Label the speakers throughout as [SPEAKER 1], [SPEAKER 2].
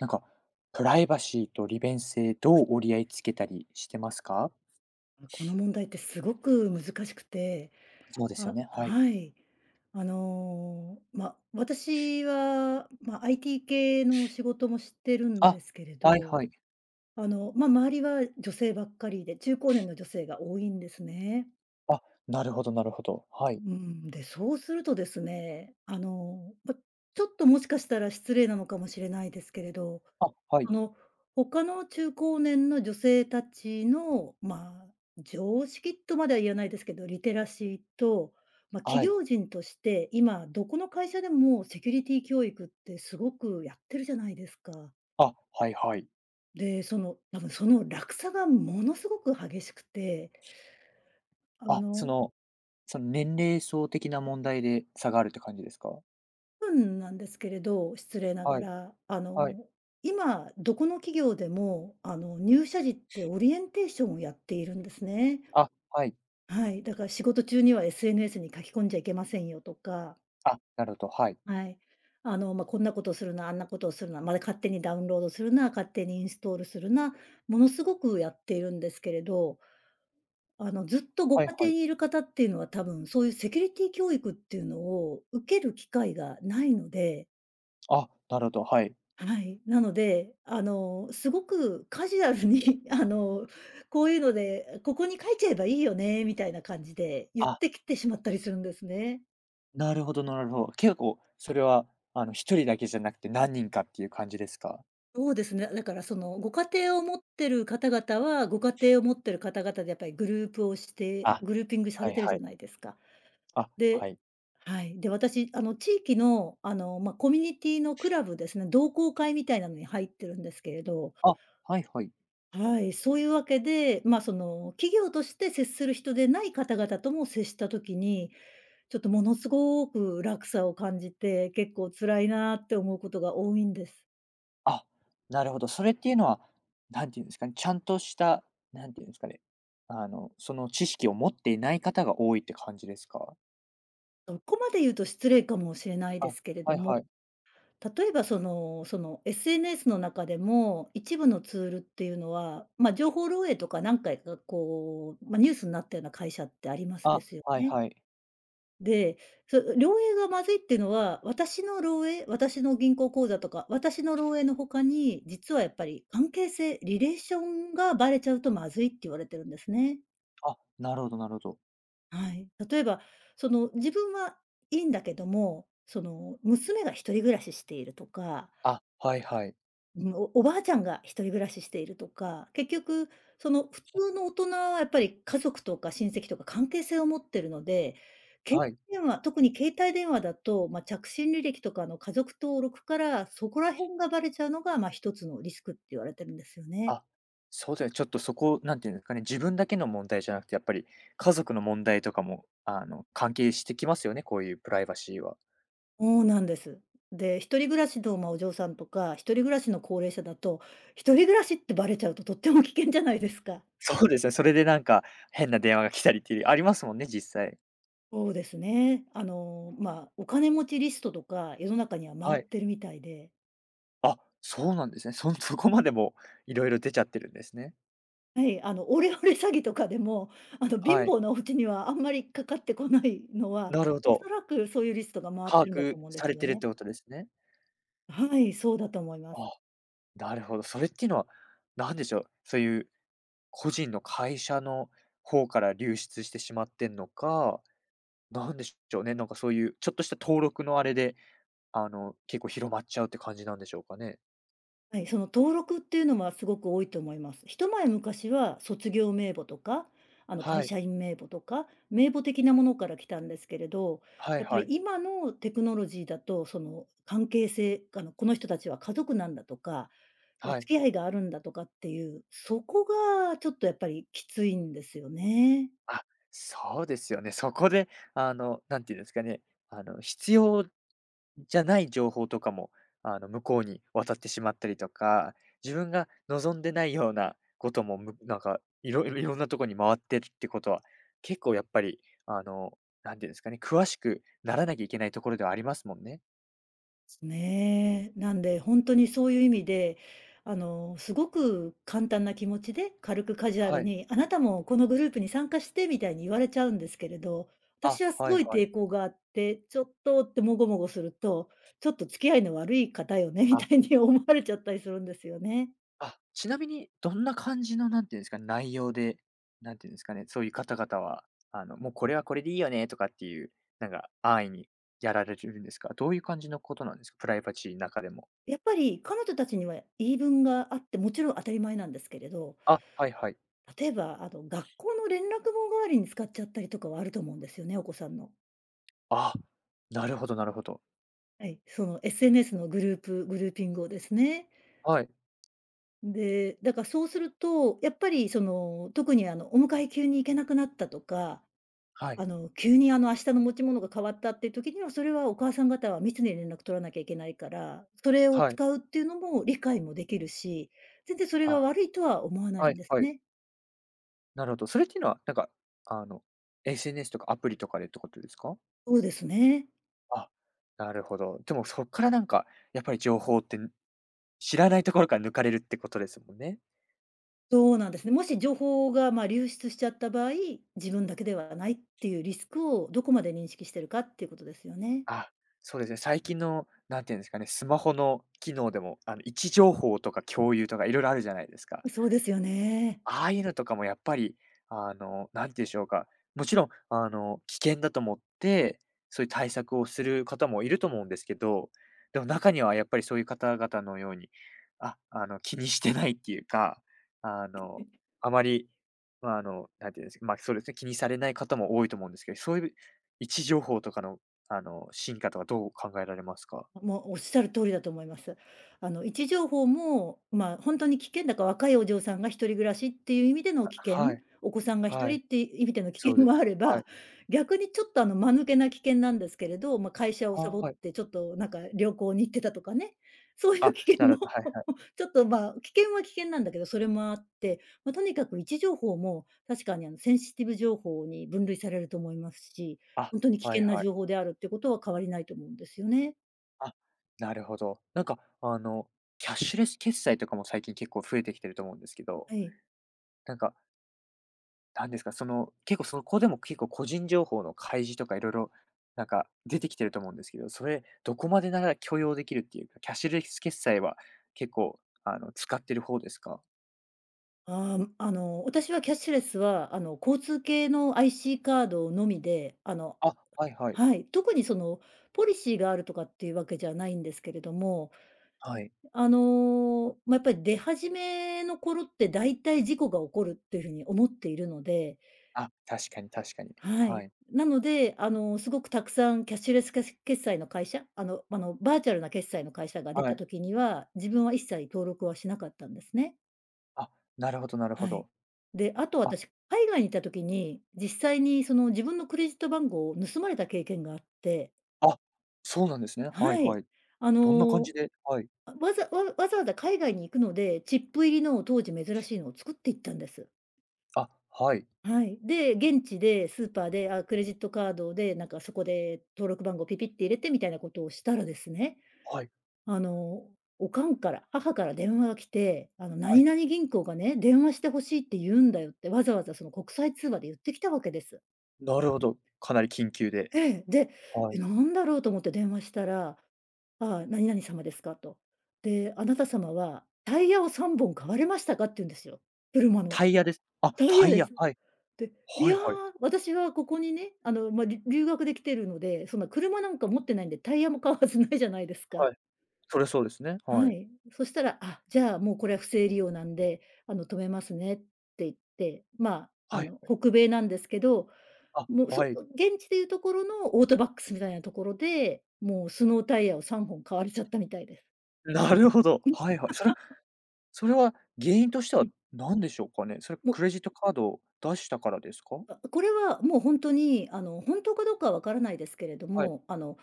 [SPEAKER 1] なんかプライバシーと利便性、どう折り合いつけたりしてますか？
[SPEAKER 2] この問題ってすごく難しくて。
[SPEAKER 1] そうですよ
[SPEAKER 2] あ、
[SPEAKER 1] ね。はい。
[SPEAKER 2] はい。あの、ま、私は、ま、IT 系の仕事もしてるんで
[SPEAKER 1] あ。
[SPEAKER 2] すけれ
[SPEAKER 1] はい
[SPEAKER 2] ど。
[SPEAKER 1] はい。
[SPEAKER 2] あの、ま、周りは女性ばっかりで、中高年の女性が多いんですね。
[SPEAKER 1] あ。なるほど、なるほど。は
[SPEAKER 2] う
[SPEAKER 1] い。
[SPEAKER 2] ーん。で、そうするとですね、あの、ま、ちょっともしかしたら失礼なのかもしれないですけれど、
[SPEAKER 1] あ、はい。
[SPEAKER 2] あの、他の中高年の女性たちの、まあ常識とまでは言わないですけど、リテラシーとま、企
[SPEAKER 1] はい。
[SPEAKER 2] 業人として、今どこの会社でもセキュリティ教育ってすごくやってるじゃないですか。
[SPEAKER 1] あ、はいはい。
[SPEAKER 2] で、その多分その落差がものすごく激しくてあ
[SPEAKER 1] あ、そ
[SPEAKER 2] の。
[SPEAKER 1] のその年齢層的な問題で差があるって感じですか？
[SPEAKER 2] 多分なんですけれど、失礼なが
[SPEAKER 1] はい。
[SPEAKER 2] ら、あ
[SPEAKER 1] はい。
[SPEAKER 2] の今どこの企業でもあの入社時ってオリエンテーションをやっているんですね。
[SPEAKER 1] あ、はい。
[SPEAKER 2] はい、だから仕事中には SNS に書き込んじゃいけませんよとか。
[SPEAKER 1] あ、なるほど、はい。
[SPEAKER 2] はい。あの、ま、こんなことをするな、あんなことをするな、まだ勝手にダウンロードするな、勝手にインストールするな、ものすごくやっているんですけれど。あのずっとご
[SPEAKER 1] はい
[SPEAKER 2] 家
[SPEAKER 1] は
[SPEAKER 2] 庭
[SPEAKER 1] い。
[SPEAKER 2] にいる方っていうのは多分そういうセキュリティ教育っていうのを受ける機会がないので
[SPEAKER 1] あ、なるほど、はい。
[SPEAKER 2] はい、なので、あの、すごくカジュアルにあの、こういうので、ここに書いちゃえばいいよね、みたいな感じで言っ
[SPEAKER 1] あ。
[SPEAKER 2] てきてしまったりするんですね。
[SPEAKER 1] なるほどなるほど。結構、それは、あの、1人だけじゃなくて、何人かっていう感じですか？
[SPEAKER 2] そうですね、だから、そのご家庭を持ってる方々は、ご家庭を持ってる方々でやっぱりグループをして
[SPEAKER 1] あ、
[SPEAKER 2] グルーピングさ
[SPEAKER 1] は
[SPEAKER 2] れ
[SPEAKER 1] い
[SPEAKER 2] てる
[SPEAKER 1] は
[SPEAKER 2] じゃ
[SPEAKER 1] い。
[SPEAKER 2] ないですか。
[SPEAKER 1] あ、は
[SPEAKER 2] で
[SPEAKER 1] い。
[SPEAKER 2] はい。で、私あの地域の、あの、ま、コミュニティのクラブですね、同好会みたいなのに入ってるんですけれど
[SPEAKER 1] あ、はいはい。
[SPEAKER 2] はい、そういうわけで、ま、その企業として接する人でない方々とも接した時に、ちょっとものすごく落差を感じて、結構辛いなって思うことが多いんです。
[SPEAKER 1] あ、なるほど、それっていうのは、何て言うんですかね、ちゃんとしたなんていうんですかね、あのその知識を持っていない方が多いって感じですか？
[SPEAKER 2] そこまで言うと失礼かもしれない
[SPEAKER 1] あ、
[SPEAKER 2] ですけれど
[SPEAKER 1] はい
[SPEAKER 2] も、
[SPEAKER 1] はい。
[SPEAKER 2] 例えばその、その SNS の中でも、一部のツールっていうのは、ま、情報漏洩とか何回かこう、ま、ニュースんなったような会社ってありますで
[SPEAKER 1] あ、
[SPEAKER 2] すよ
[SPEAKER 1] はい
[SPEAKER 2] ね。
[SPEAKER 1] はい。
[SPEAKER 2] で、そ、う漏洩がまずいってのは、私の漏洩私の銀行口座とか、私の漏洩の他に、実はやっぱり関係性リレーションがバレちゃうとまずいって言われてるんですね。
[SPEAKER 1] あ、なるほどなるほど。
[SPEAKER 2] はい。例えば、その、自分はいいんだけども、その、娘が一人暮らししているとか
[SPEAKER 1] あ、はいはい。
[SPEAKER 2] うん。おおばあちゃんが一人暮らししているとか、結局、その、普通の大人はやっぱり家族とか親戚とか関係性を持ってるので、け
[SPEAKER 1] はい。
[SPEAKER 2] 電話、特に携帯電話だと、ま着信履歴とかの家族登録から、そこら辺がバレちゃうのがま、ひとつのリスクって言われてるんですよね。
[SPEAKER 1] あ、そう、では、ちょっとそこ何て言うんですかね、自分だけの問題じゃなくてやっぱり、家族の問題とかもあの関係してきますよね、こういうプライバシーは。
[SPEAKER 2] ほうなんです。で、一人暮らしど、まあ、お嬢さんとか、一人暮らしの高齢者だと、一人暮らしってバレちゃうととっても危険じゃないですか。
[SPEAKER 1] そうですよ、それでなんか、変な電話が来たりっていう、ありますもんね、実際。
[SPEAKER 2] ほうですね。あの、まあ、お金持ちリストとか世の中には回
[SPEAKER 1] は
[SPEAKER 2] っ
[SPEAKER 1] い。
[SPEAKER 2] てるみたいで。
[SPEAKER 1] あ、そうなんですね。そんそこまでもう色々出ちゃってるんですね。
[SPEAKER 2] はい、あのオレオレ詐欺とかでも、あの貧
[SPEAKER 1] はい。
[SPEAKER 2] 乏なお家にはあんまりかかってこないのは、
[SPEAKER 1] なるほ
[SPEAKER 2] おそ
[SPEAKER 1] ど。
[SPEAKER 2] らくそういうリストが回っ
[SPEAKER 1] 把
[SPEAKER 2] てんだと
[SPEAKER 1] 握
[SPEAKER 2] 思うんで
[SPEAKER 1] さ
[SPEAKER 2] す
[SPEAKER 1] れ
[SPEAKER 2] よ
[SPEAKER 1] てるっ
[SPEAKER 2] ね。
[SPEAKER 1] てことですね。
[SPEAKER 2] はい、そうだと思います。
[SPEAKER 1] あ、なるほど、それっていうのは、なんでしょう、そういう個人の会社の方から流出してしまってんのか、なんでしょうね、なんかそういうちょっとした登録のあれで、あの結構広まっちゃうって感じなんでしょうかね。
[SPEAKER 2] はい、その登録っていうのはすごく多いと思います。一前昔は卒業名簿とか、あの
[SPEAKER 1] は
[SPEAKER 2] 会
[SPEAKER 1] い。
[SPEAKER 2] 社員名簿とか、名簿的なものから来たんですけれど、
[SPEAKER 1] はい
[SPEAKER 2] やっぱ
[SPEAKER 1] は
[SPEAKER 2] り
[SPEAKER 1] い。
[SPEAKER 2] 今のテクノロジーだと、その関係性、あのこの人たちは家族なんだとか、お
[SPEAKER 1] は
[SPEAKER 2] 付
[SPEAKER 1] い。
[SPEAKER 2] き合いがあるんだとかっていう、そこがちょっとやっぱりきついんですよね。
[SPEAKER 1] あ、そうですよね。そこであのなんて言うんですかね、あの必要じゃない情報とかもあの向こうに渡ってしまったりとか、自分が望んでないようなことも、むなんかいろ、いろんなとこに回ってるってことは結構やっぱりあのなんて言うんですかね、詳しくならなきゃいけないところではありますもんね。
[SPEAKER 2] ね、なんで本当にそういう意味で、あのすごく簡単な気持ちで、軽くカジュア
[SPEAKER 1] は
[SPEAKER 2] ル
[SPEAKER 1] い。
[SPEAKER 2] に、あなたもこのグループに参加してみたいに言われちゃうんですけれど、
[SPEAKER 1] あ、
[SPEAKER 2] 私はす
[SPEAKER 1] は
[SPEAKER 2] ご
[SPEAKER 1] い
[SPEAKER 2] い
[SPEAKER 1] はい。
[SPEAKER 2] 抵抗があって、ちょっとって、もごもごすると、ちょっと付き合いの悪い方よねみ
[SPEAKER 1] あ。
[SPEAKER 2] たいに思われちゃったりするんですよね。
[SPEAKER 1] あ、ちなみにどんな感じのなんていうんですか、内容で、何て言うんですかね、そういう方々は、あのもうこれはこれでいいよねとかっていう、なんか安易にやられるんですか？どういう感じのことなんですか？プライバシーの中でも。
[SPEAKER 2] やっぱり、彼女たちには言い分があって、もちろん当たり前なんですけれど、
[SPEAKER 1] あ、はいはい。
[SPEAKER 2] 例えば、あの学校の連絡網代わりに使っちゃったりとかはあると思うんですよね、お子さんの。
[SPEAKER 1] あ、なるほどなるほど。
[SPEAKER 2] はい、その SNS のグループグルーピングをですね。
[SPEAKER 1] はい。
[SPEAKER 2] んで、だからそうすると、やっぱりその、特に、あの、お迎え急に行けなくなったとか、
[SPEAKER 1] はい。
[SPEAKER 2] あの急にあの明日の持ち物が変わったっていう時にはそれはお母さん方は密に連絡取らなきゃいけないから、それを
[SPEAKER 1] はい。
[SPEAKER 2] 使うっていうのも理解もできるし、全然それが
[SPEAKER 1] あ、
[SPEAKER 2] 悪いとは思わない
[SPEAKER 1] は
[SPEAKER 2] ん
[SPEAKER 1] い
[SPEAKER 2] です
[SPEAKER 1] はい。
[SPEAKER 2] ね。
[SPEAKER 1] なるほど、それっていうのは、なんか、あの、SNS とかアプリとかでってことですか？
[SPEAKER 2] そうですね。
[SPEAKER 1] あ、なるほど。でもそっからなんかやっぱり情報って知らないところから抜かれるってことですもんね。
[SPEAKER 2] そうなんですね。もし情報が、まあ、流出しちゃった場合、自分だけではないっていうリスクをどこまで認識してるかっていうことですよね。
[SPEAKER 1] あ、そうですね、最近の、なんていうんですかね、スマホの機能でも、あの位置情報とか共有とか色々あるじゃないですか。
[SPEAKER 2] そうですよね。
[SPEAKER 1] ああいうのとかもやっぱり、あの、なんていうんしょうか、もちろん、あの、危険だと思って、そういう対策をする方もいると思うんですけど。でも中にはやっぱりそういう方々のように、あ、あの気にしてないっていうか、あの、あまり、まあ、あの、なんていうんですか、まあ、そうですね、気にされない方も多いと思うんですけど、そういう位置情報とかの、あの、進化とかどう考えられますか？
[SPEAKER 2] ま、も、おっしゃる通りだと思います。あの、位置情報も、まあ、ほんとに危険だから若いお嬢さんが一人暮らしっていう意味での
[SPEAKER 1] あ、
[SPEAKER 2] 危険、
[SPEAKER 1] はい。
[SPEAKER 2] お子さんがひと
[SPEAKER 1] は
[SPEAKER 2] り
[SPEAKER 1] い。
[SPEAKER 2] って意味での危
[SPEAKER 1] そう
[SPEAKER 2] 険
[SPEAKER 1] で
[SPEAKER 2] もあれ
[SPEAKER 1] は
[SPEAKER 2] ば。
[SPEAKER 1] い。
[SPEAKER 2] 逆にちょっとあの間抜けな危険なんですけれど、まあ、会社を
[SPEAKER 1] あ、
[SPEAKER 2] サボっ
[SPEAKER 1] はい。
[SPEAKER 2] てちょっとなんか旅行に行ってたとかね、そういう
[SPEAKER 1] あ、
[SPEAKER 2] 危
[SPEAKER 1] な
[SPEAKER 2] 険も
[SPEAKER 1] るほど、はいはい。
[SPEAKER 2] ちょっと。まあ、危険は危険なんだけど、それもあって。ま、とにかく位置情報も確かにあのセンシティブ情報に分類されると思いますし、
[SPEAKER 1] あ、
[SPEAKER 2] 本当に危
[SPEAKER 1] はい
[SPEAKER 2] 険な
[SPEAKER 1] はい。
[SPEAKER 2] 情報であるっていうことは変わりないと思うんですよね。
[SPEAKER 1] あ、なるほど、なんか、あの、キャッシュレス決済とかも最近結構増えてきてると思うんですけど、
[SPEAKER 2] はい。
[SPEAKER 1] なんか何ですか、その結構そこでも結構個人情報の開示とか色々、なんか出てきてると思うんですけど、それ、どこまでなら許容できるっていう、キャッシュレス決済は結構あの使ってる方ですか？
[SPEAKER 2] ああ、ん、あの、私はキャッシュレスはあの交通系の IC カードのみで、あの
[SPEAKER 1] あ、はいはい。
[SPEAKER 2] はい、特にそのポリシーがあるとかっていうわけじゃないんですけれども
[SPEAKER 1] はい。
[SPEAKER 2] あの、ま、やっぱり出始めの頃って大体事故が起こるっていう風に思っているので。
[SPEAKER 1] あ、確かに確かに、
[SPEAKER 2] は
[SPEAKER 1] は
[SPEAKER 2] い。
[SPEAKER 1] い。
[SPEAKER 2] なので、あの、すごくたくさんキャッシュレスけし決済の会社あのあのバーチャルな決済の会社が出
[SPEAKER 1] は
[SPEAKER 2] た
[SPEAKER 1] い。
[SPEAKER 2] 時には、自分は一切登録はしなかったんですね。
[SPEAKER 1] あ、なるほどなるほ
[SPEAKER 2] はい。
[SPEAKER 1] ど。
[SPEAKER 2] で、あと
[SPEAKER 1] あ。
[SPEAKER 2] 私、海外にいた時に、実際にその自分のクレジット番号を盗まれた経験があって。
[SPEAKER 1] あ、そうなんですね。はい
[SPEAKER 2] はい。
[SPEAKER 1] はい。
[SPEAKER 2] あ
[SPEAKER 1] どんな感
[SPEAKER 2] の、
[SPEAKER 1] じではい。
[SPEAKER 2] わざわわざわざ海外に行くので、チップ入りの当時珍しいのを作っていったんです。
[SPEAKER 1] あ、はい。
[SPEAKER 2] はい。で、現地でスーパーで、あ、クレジットカードで、なんかそこで登録番号ピピッて入れてみたいなことをしたらですね。
[SPEAKER 1] はい。
[SPEAKER 2] あの、おかんから母から電話が来て「あの、
[SPEAKER 1] はい。
[SPEAKER 2] 何々銀行がね、『電話して欲しい』って言うんだよ」ってわざわざその国際通話で言ってきたわけです。
[SPEAKER 1] なるほど、かなり緊急で。
[SPEAKER 2] え、で、
[SPEAKER 1] は
[SPEAKER 2] え、
[SPEAKER 1] い。
[SPEAKER 2] なんだろうと思って電話したら、あ、何々様ですかと。で、あなた様はタイヤを3本買われましたかって言うんですよ。車の。
[SPEAKER 1] タイヤです、あ、
[SPEAKER 2] タイ
[SPEAKER 1] タ
[SPEAKER 2] ヤ
[SPEAKER 1] イ
[SPEAKER 2] で
[SPEAKER 1] ヤ、
[SPEAKER 2] す。
[SPEAKER 1] はい、
[SPEAKER 2] で、い
[SPEAKER 1] はい
[SPEAKER 2] や、
[SPEAKER 1] はい。
[SPEAKER 2] 私はここにね、あの、ま、り留学で来ているので、そんな車なんか持ってないんで、タイヤも買うはずないじゃないですか。
[SPEAKER 1] はい。そりゃそうですね、は
[SPEAKER 2] は
[SPEAKER 1] い。
[SPEAKER 2] い、そしたら、あ、じゃもうこれは不正利用なんであの止めますねって言って。ま、あ
[SPEAKER 1] はい
[SPEAKER 2] の
[SPEAKER 1] はい。
[SPEAKER 2] 北米なんですけど、
[SPEAKER 1] あ、
[SPEAKER 2] も、現
[SPEAKER 1] はい。
[SPEAKER 2] 地でいうところのオートバックスみたいなところで、もうスノータイヤを3本買われちゃったみたいです。
[SPEAKER 1] なるほど。
[SPEAKER 2] うん、す。
[SPEAKER 1] はいはい。それ それは原因として
[SPEAKER 2] う
[SPEAKER 1] は
[SPEAKER 2] ん。
[SPEAKER 1] 何でしょうかね。それ
[SPEAKER 2] も。
[SPEAKER 1] クレジットカード出したからですか？
[SPEAKER 2] あ、これはもう本当にあの本当かどうかはわからないですけれど
[SPEAKER 1] はい。
[SPEAKER 2] も、あの、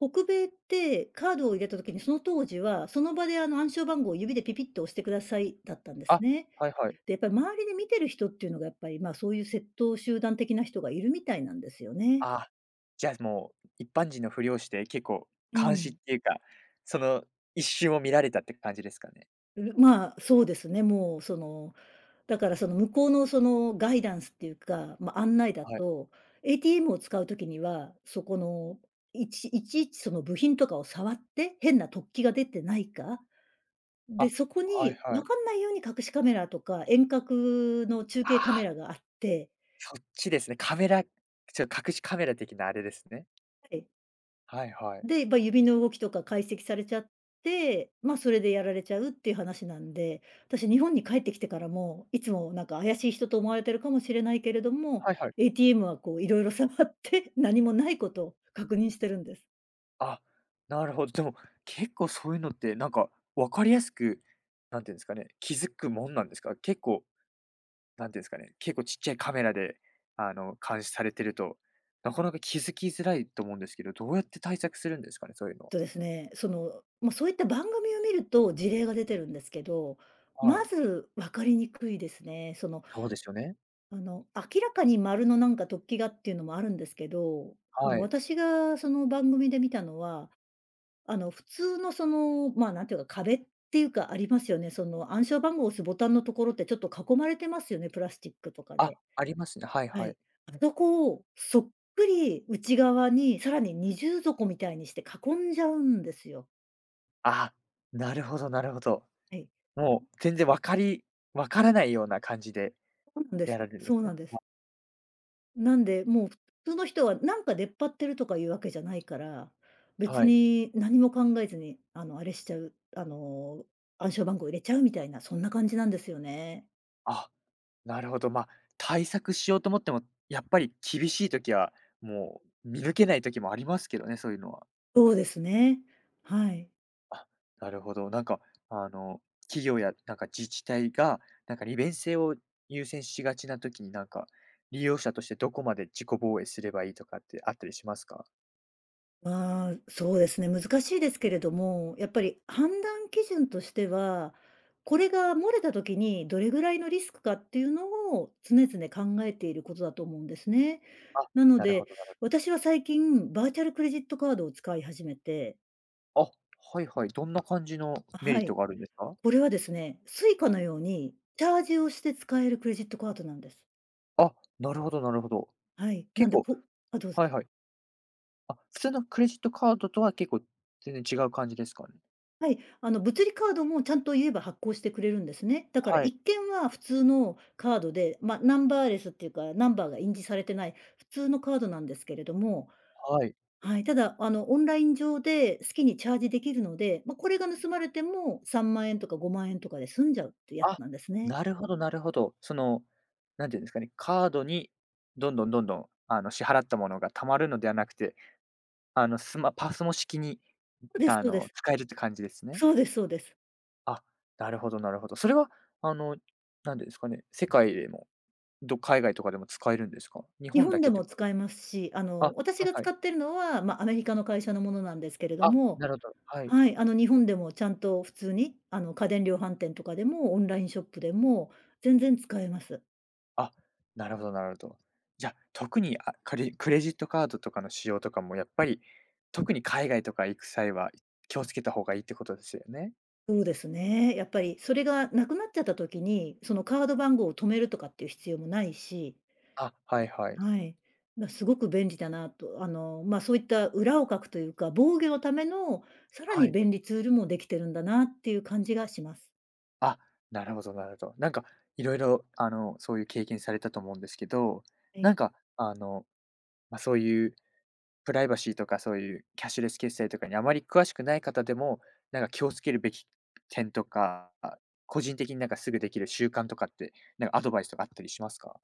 [SPEAKER 2] 北米ってカードを入れた時に、その当時は、その場であの暗証番号を指でピピッと押してくださいだったんです
[SPEAKER 1] あ、
[SPEAKER 2] ね。
[SPEAKER 1] はいはい。
[SPEAKER 2] で、やっぱり周りで見てる人っていうのがやっぱり、ま、そういう窃盗集団的な人がいるみたいなんですよね。
[SPEAKER 1] あ、じゃ、もう、一般人のふりをして結構
[SPEAKER 2] う
[SPEAKER 1] 監視っ
[SPEAKER 2] ん。
[SPEAKER 1] ていうか、その一瞬を見られたって感じですかね？
[SPEAKER 2] うま、そうですね、もうその、だから、その、向こうの、その、ガイダンスっていうか、ま、案内だ
[SPEAKER 1] はい。
[SPEAKER 2] と、ATM を使う時にはそこの、いちいちいちその部品とかを触って、変な突起が出てないか、で、
[SPEAKER 1] あ、
[SPEAKER 2] そこ
[SPEAKER 1] はい
[SPEAKER 2] に
[SPEAKER 1] は
[SPEAKER 2] わ
[SPEAKER 1] い。
[SPEAKER 2] かんないように隠しカメラとか、遠隔の中
[SPEAKER 1] あ
[SPEAKER 2] 継カメ
[SPEAKER 1] あ。
[SPEAKER 2] ラがあって
[SPEAKER 1] そっちですね。カメラ、ちょっと隠しカメラ的なあれですね。
[SPEAKER 2] はい。
[SPEAKER 1] はいはい。
[SPEAKER 2] で、ま指の動きとか解析されちゃって、ま、それでやられちゃうっていう話なんで、私日本に帰ってきてからも、いつもなんか怪しい人と思われているかもしれないけれども、
[SPEAKER 1] はいはい。
[SPEAKER 2] ATM はこう色々触って何もないことを確認してるんです。
[SPEAKER 1] あ、なるほど、でも、結構そういうのってなんか分かりやすく、なんていうんですかね、気づくもんなんですか？結構、なんていうんですかね、結構ちっちゃいカメラで、あの監視されてると、なかなか気づきづらいと思うんですけど、どうやって対策するんですかね、そういうのは。
[SPEAKER 2] えっとですね、その、ま、そういった番組を見ると事例が出てるんですけど、
[SPEAKER 1] は
[SPEAKER 2] ま
[SPEAKER 1] い。
[SPEAKER 2] ず分かりにくいですね。その、
[SPEAKER 1] そうですよね。
[SPEAKER 2] あの、明らかに丸のなんか突起がっていうのもあるんですけど、あの
[SPEAKER 1] はい。
[SPEAKER 2] 私がその番組で見たのは、あの普通の、その、まあなんていうか、壁っていうかありますよね。その暗証番号を押すボタンのところってちょっと囲まれてますよね、プラスチックとか
[SPEAKER 1] あ、
[SPEAKER 2] で。
[SPEAKER 1] ありますね。はい
[SPEAKER 2] は
[SPEAKER 1] はい。
[SPEAKER 2] い。あそこをそっくり内側に、さらに二重底みたいにして囲んじゃうんですよ。
[SPEAKER 1] あ、なるほどなるほど。
[SPEAKER 2] はい。
[SPEAKER 1] もう全然分かり分からないような感じで
[SPEAKER 2] そんです、
[SPEAKER 1] やられるんで
[SPEAKER 2] そ
[SPEAKER 1] す
[SPEAKER 2] う
[SPEAKER 1] ね。
[SPEAKER 2] なんです。
[SPEAKER 1] は。
[SPEAKER 2] なんで、もう普通の人はなんか出っ張ってるとかいうわけじゃないから、別
[SPEAKER 1] はい。
[SPEAKER 2] に何も考えずに、あのあれしちゃう、あの、暗証番号入れちゃうみたいな、そんな感じなんですよね。
[SPEAKER 1] あ、なるほど。まあ、対策しようと思っても、やっぱり厳しい時は、もう見抜けない時もありますけどね、そういうのは。
[SPEAKER 2] そうですね。はい。
[SPEAKER 1] あ、なるほど。なんか、あの、企業やなんか自治体が、なんか利便性を優先しがちな時になんか、利用者としてどこまで自己防衛すればいいとかってあったりしますか？
[SPEAKER 2] まあ、そうですね。難しいですけれども、やっぱり判断基準としては、これが漏れた時に、どれぐらいのリスクかっていうのを常々考えていることだと思うんですね。
[SPEAKER 1] あ、
[SPEAKER 2] なの
[SPEAKER 1] なるほ
[SPEAKER 2] で、
[SPEAKER 1] どなるほ
[SPEAKER 2] 私は最近、バーチャルクレジットカードを使い始めて。
[SPEAKER 1] あ、はいはい。どんな感じの
[SPEAKER 2] あ、
[SPEAKER 1] メ
[SPEAKER 2] は
[SPEAKER 1] リット
[SPEAKER 2] い。
[SPEAKER 1] があるんですか？
[SPEAKER 2] これはですね、Suica のようにチャージをして使えるクレジットカードなんです。
[SPEAKER 1] あ、なるほどなるほど。
[SPEAKER 2] はい、なん
[SPEAKER 1] 結
[SPEAKER 2] で
[SPEAKER 1] 構
[SPEAKER 2] こあ、どうぞ。
[SPEAKER 1] はいはい。あ、普通のクレジットカードとは結構全然違う感じですか、ん？
[SPEAKER 2] はい、あの、物理カードもちゃんと言えば発行してくれるんですね。だから
[SPEAKER 1] はい。
[SPEAKER 2] 一見は普通のカードで、ま、ナンバーレスっていうか、ナンバーが印字されてない普通のカードなんですけれども、
[SPEAKER 1] はい。
[SPEAKER 2] はい、ただ、あの、オンライン上で好きにチャージできるので、ま、これが盗まれても、3万円とか5万円とかで済んじゃうってやつ
[SPEAKER 1] あ、
[SPEAKER 2] なんですね。
[SPEAKER 1] なるほどなるほど。その、なんてゆうんですかね、カードにどんどんどんどん、あの、支払ったものが溜まるのではなくて、あの、スマパスモ式に、
[SPEAKER 2] そです、
[SPEAKER 1] あ
[SPEAKER 2] そうで
[SPEAKER 1] の、
[SPEAKER 2] す。
[SPEAKER 1] 使えるって感じですね。
[SPEAKER 2] そうですそうです。
[SPEAKER 1] あ、なるほどなるほど。それは、あの、なんでですかね、世界でも、ど海外とかでも使えるんですか？日
[SPEAKER 2] 日
[SPEAKER 1] 本
[SPEAKER 2] 本
[SPEAKER 1] だ
[SPEAKER 2] で
[SPEAKER 1] けて
[SPEAKER 2] も
[SPEAKER 1] かい
[SPEAKER 2] 使えますし、あ
[SPEAKER 1] あ、
[SPEAKER 2] の、私
[SPEAKER 1] はい
[SPEAKER 2] が
[SPEAKER 1] は
[SPEAKER 2] 使
[SPEAKER 1] い。
[SPEAKER 2] ってるのは、ま、アメリカの会社のものなんですけれど
[SPEAKER 1] あ、な
[SPEAKER 2] も、
[SPEAKER 1] るほど、はい。
[SPEAKER 2] はい、あの、日本でもちゃんと普通に、あの、家電量販店とかでもオンラインショップでも全然使えます。
[SPEAKER 1] あ、なるほどなるほど。じゃ、特に、あ、かりクレジットカードとかの使用とかも、やっぱり、特に海外とか行く際は気をつけた方がいいってことすよね？
[SPEAKER 2] ほうですね。やっぱり、それがなくなっちゃった時に、そのカード番号を止めるとかっていう必要もないし
[SPEAKER 1] あ、はいはい。
[SPEAKER 2] はい。ま、すごく便利だなと、あの、ま、そういった、裏をかくとゆうか、防御のためのさら
[SPEAKER 1] は
[SPEAKER 2] に
[SPEAKER 1] い。
[SPEAKER 2] 便利ツールもできてるんだなっていう感じがします。
[SPEAKER 1] あ、なるほどなるほど。なんか色々、あの、そうゆう経験されたと思うんですけど、
[SPEAKER 2] え
[SPEAKER 1] な
[SPEAKER 2] え。
[SPEAKER 1] んか、あの、ま、そうゆうプライバシーとかそうゆうキャッシュレス決済とかにあまり詳しくない方でも、なんか気を付けるべき点とか、あ、個人的になんかすぐできる習慣とかって、なんアドバイスとかあったりしますか？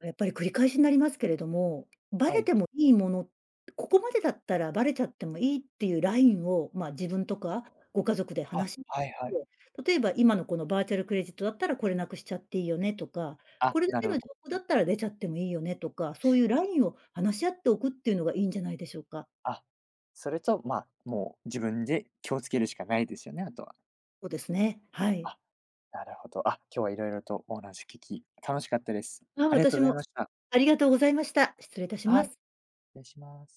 [SPEAKER 2] あ、やっぱり、繰り返しになりますけれども、バ
[SPEAKER 1] は
[SPEAKER 2] レ
[SPEAKER 1] い。
[SPEAKER 2] てもいいもの、ここまでだったらバレちゃってもいいってゆうラインを、まあ、自分とかご家族で
[SPEAKER 1] あ、
[SPEAKER 2] 話し、て、
[SPEAKER 1] はいはい。
[SPEAKER 2] 例えば、今のこのバーチャルクレジットだったら、これなくしちゃっていいよねとか、
[SPEAKER 1] あ、
[SPEAKER 2] これだ
[SPEAKER 1] な
[SPEAKER 2] け
[SPEAKER 1] るほ
[SPEAKER 2] の
[SPEAKER 1] ど。
[SPEAKER 2] 情報だったら出ちゃってもいいよねとか、そうゆうラインを話し合っておくっていうのがいいんじゃないでしょうか。
[SPEAKER 1] あ、それと、まあ、もう自分で気をつけるしかないですよね、あとは。
[SPEAKER 2] そですね。はい。
[SPEAKER 1] あ、なるほど、あ、今日は色々とお話聞き楽しかったです。
[SPEAKER 2] あ、
[SPEAKER 1] ありがとう
[SPEAKER 2] 私
[SPEAKER 1] ございま
[SPEAKER 2] も。
[SPEAKER 1] した。
[SPEAKER 2] ありがとうございました。失礼いたし
[SPEAKER 1] は
[SPEAKER 2] ま
[SPEAKER 1] い、
[SPEAKER 2] す。
[SPEAKER 1] れ、します。